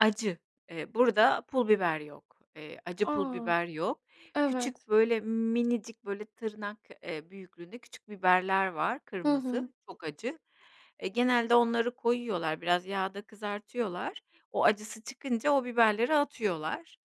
Acı. Eee, burada pul biber yok, eee, acı pul A! biber yok. Evet. Küçük böyle minicik böyle tırnak, eee, büyüklüğünde küçük biberler var Hı hı. kırmızı, çok acı. Eee, genelde onları koyuyorlar, biraz yağda kızartıyorlar, o acısı çıkınca o biberleri atıyorlar.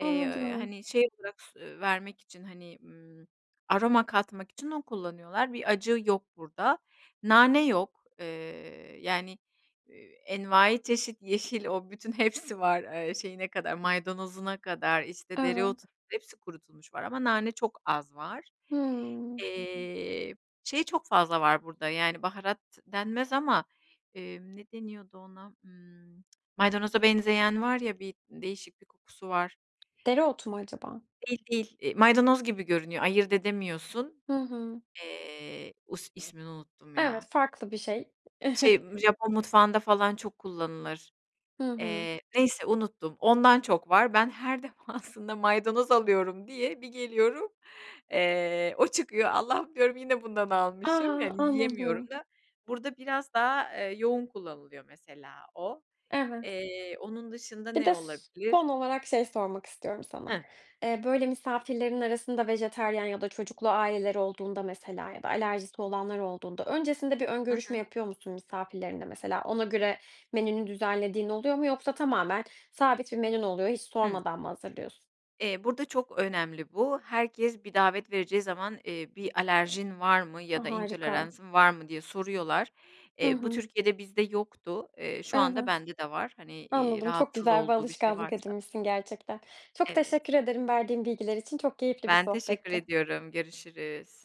Eee, hani, şey, bırak s ııı, vermek için, hani, ımm, aroma katmak için onu kullanıyorlar, bir acı yok burada. Nane yok, eee, yani, eee, envaiçeşit yeşil o bütün hepsi var, eee, şeyine kadar, maydanozuna kadar, işte dereotu, Evet. hepsi kurutulmuş var ama nane çok az var. Hıı. Eee, şey çok fazla var burada, yani, baharat denmez ama, emm, ne deniyordu ona? Imm, maydanoza benzeyen var ya, bir değişik bir kokusu var. Dereotu mu acaba? Değil, değil. Eee, maydanoz gibi görünüyor, ayırt edemiyorsun. Hı hı. Eee, us ismini unuttum Evet, ya. farklı bir şey. Şey, ımm, Japon mutfağında falan çok kullanılır. Hı hı. Eee, neyse unuttum, ondan çok var. Ben her defasında maydanoz alıyorum diye bir geliyorum, eee, o çıkıyor, "Allah'ım," diyorum, "yine bundan A! almışım." yani yiyemiyorum Anladım. da. Burada biraz daha, eee, yoğun kullanılıyor mesela o, Evet. eee, onun dışında Bir ne de s olabilir? son olarak şey sormak istiyorum sana. Hı. Eee, böyle, misafirlerin arasında vejetaryen ya da çocuklu aileler olduğunda mesela ya da alerjisi olanlar olduğunda, öncesinde bir ön Hı görüşme hı. yapıyor musun misafirlerinle? Mesela ona göre menünü düzenlediğin oluyor mu yoksa tamamen sabit bir menün oluyor, hiç Hı. sormadan mı hazırlıyorsun? Eee, burada çok önemli bu. Herkes bir davet vereceği zaman, eee, "Bir alerjin var mı A! ya da Harika. intoleransın var mı?" diye soruyorlar. Hı Eee, bu hı. Türkiye'de bizde yoktu, eee, şu anda Evet. bende de var, hani, iii, Anladım, çok rahatsız güzel bir olduğu bir şey alışkanlık varsa edinmişsin gerçekten. Çok Evet. teşekkür ederim verdiğin bilgiler için. Çok keyifli bir Ben teşekkür sohbetti. ediyorum, görüşürüz.